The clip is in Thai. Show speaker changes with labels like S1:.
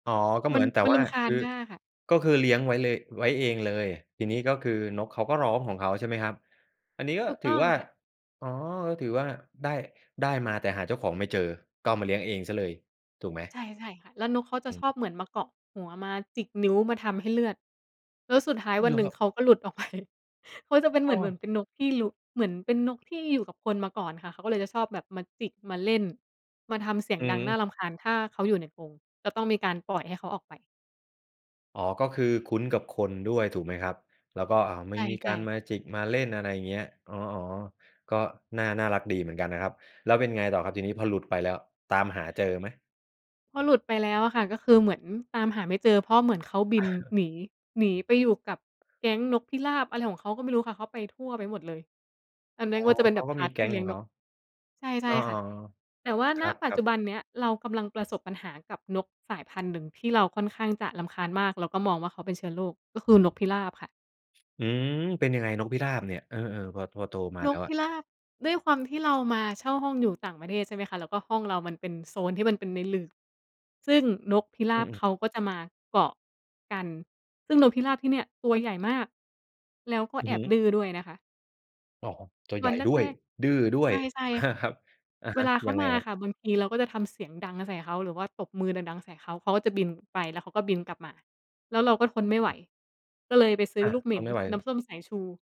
S1: อ๋อ ก็เ
S2: ม
S1: หม
S2: ั
S1: ื
S2: น
S1: อน แต่
S2: มัน
S1: ว
S2: ร
S1: ่า
S2: ำคา
S1: ค
S2: ญ
S1: ือ
S2: มากค่ะ
S1: ก็คือเลี้ยงไว้เลย ไว้เองเลย ทีนี้ก็คือนกเขาก็ร้องของเขา ใช่ไหมครับ? อันนี้ ก็
S2: ถูก
S1: ถ
S2: ต
S1: ื
S2: ้
S1: อ
S2: อง
S1: ว่า
S2: ค่ะ
S1: อ๋อ ก็ถือว่า ได้ ได้มาแต่หาเจ้าของไม่เจอ ก็เอามาเลี้ยงเองเสียเลย ถูกไหม?
S2: ใช่ ๆ ค่ะ แล้วนกเขาจ
S1: อ
S2: ะช
S1: ืม
S2: อบเหมือนมาเกาะหัว มาจิกนิ้ว มาทำให้เลือด แล้วสุดท้ายว
S1: เ
S2: ั
S1: หร
S2: น
S1: อ
S2: หนึ่
S1: คร
S2: ง
S1: ับ?
S2: เขาก็หลุดออก ไป เขาจะเป็นเห
S1: อ
S2: ม
S1: ้
S2: ือน เหมื
S1: อ
S2: อนเป็นนกที่รุ้ เหมือนเป็นนกที่อยู่กับคนมาก่อนค่ะ เขาก็เลยจะชอบแบบมาจิก มาเล่น มาทำเสีย
S1: อ
S2: งดังน่
S1: ืม
S2: ารำคาญ ถ้าเขาอยู่ในกรง ก็ต้องมีการปล่อยให้เขาออกไป
S1: อ๋อ ก็คือคุ้นกับคนด้วย ถูกไหมครับ? แล้วก็ อา ม
S2: ใ
S1: ั
S2: ช
S1: น
S2: ่
S1: มี
S2: ใช
S1: ก
S2: ่
S1: ารม
S2: ค
S1: า
S2: ่ะ
S1: จิกมาเล่น อะไรอย่างเงี้ย อ๋อ ๆ ก็น่า น่ารักดีเหมือนกันนะครับ แล้วเป็นไงต่อครับ ทีนี้ พอหลุดไปแล้ว ตามหาเจอไหม?
S2: พอหลุดไปแล้วอะค่ะ ก็คือเหมือนตามหาไม่เจอ เพราะเหมือนเขาบินหนี หนีไปอยู่กับแก๊งนกพิราบอะไรของเขาก็ไม่รู้ค่ะ เขาไปทั่วไปหมดเลย อั
S1: อ๋อ เขาก็มีแก๊ง
S2: นน
S1: ข
S2: ั้
S1: อง
S2: น
S1: เ
S2: ก
S1: ข
S2: ็จ
S1: า
S2: ะเป็นแบบ พาร์ต ที่เลี้ยงนก ใช่ ใช
S1: อ้
S2: ่
S1: อ
S2: ค่
S1: อ
S2: ะ
S1: ๋อ
S2: แต่ว่า
S1: ค
S2: ณ
S1: ร
S2: ปัจ
S1: ั
S2: จ
S1: บ
S2: ุ
S1: ๆ
S2: บันเนี้ยเรากำลังประสบปัญหากับนกสายพันธุ์หนึ่ง ที่เราค่อนข้างจะรำคาญมากแล้วก็มองว่า เขาเป็นเชื้อโรค ก็คือนกพิราบค่ะ
S1: อืม เป็นยังไงนกพิราบเนี่ย เออ ๆ พอ พอโตมา
S2: น
S1: แล้
S2: ก
S1: ว
S2: พ
S1: อะ?
S2: ิราบ ด้วยความที่เรามา เช่าห้องอยู่ต่างประเทศใช่ไหมคะ แล้วก็ห้องเรามันเป็นโซนที่มันเป็นในหลืบ ซึ่งนกพิร
S1: อื
S2: าบเ
S1: ม ๆ
S2: ขาก็จะ มาเกาะกัน ซึ่งนกพิราบที่เนี่ย ตัวใหญ่ มาก แล้วก็
S1: อื
S2: แ
S1: อ
S2: อ
S1: ฮ
S2: บ
S1: ึ
S2: ดื้อด้วยนะคะ
S1: อ๋อ ตัวให
S2: ว
S1: ญ
S2: ั
S1: ่
S2: น
S1: ด้ว
S2: แร
S1: ย
S2: ก
S1: ดื้อด้
S2: ๆ ใ
S1: ว
S2: ช
S1: ย
S2: ่ ใช่
S1: ค
S2: ค่ะ
S1: รับ อะ
S2: เว
S1: ฮะ
S2: ลาเข
S1: ยั
S2: า
S1: งไง
S2: มา
S1: คร
S2: อ
S1: ั
S2: ะ
S1: บ?
S2: ค่ะบางทีเราก็จะทำเสียงดังใส่เขา หรือว่าตบมือดัง ๆ ใส่เขา เขาก็จะบิน ไปแล้วเขาก็บินกลับมา แล้วเราก็ทนไม่ไหว ก็เลยไปซื้
S1: อ
S2: อ
S1: า
S2: ลูกเหม
S1: ท
S2: ็น
S1: นไม่ไหว
S2: น้ำส้มสายชู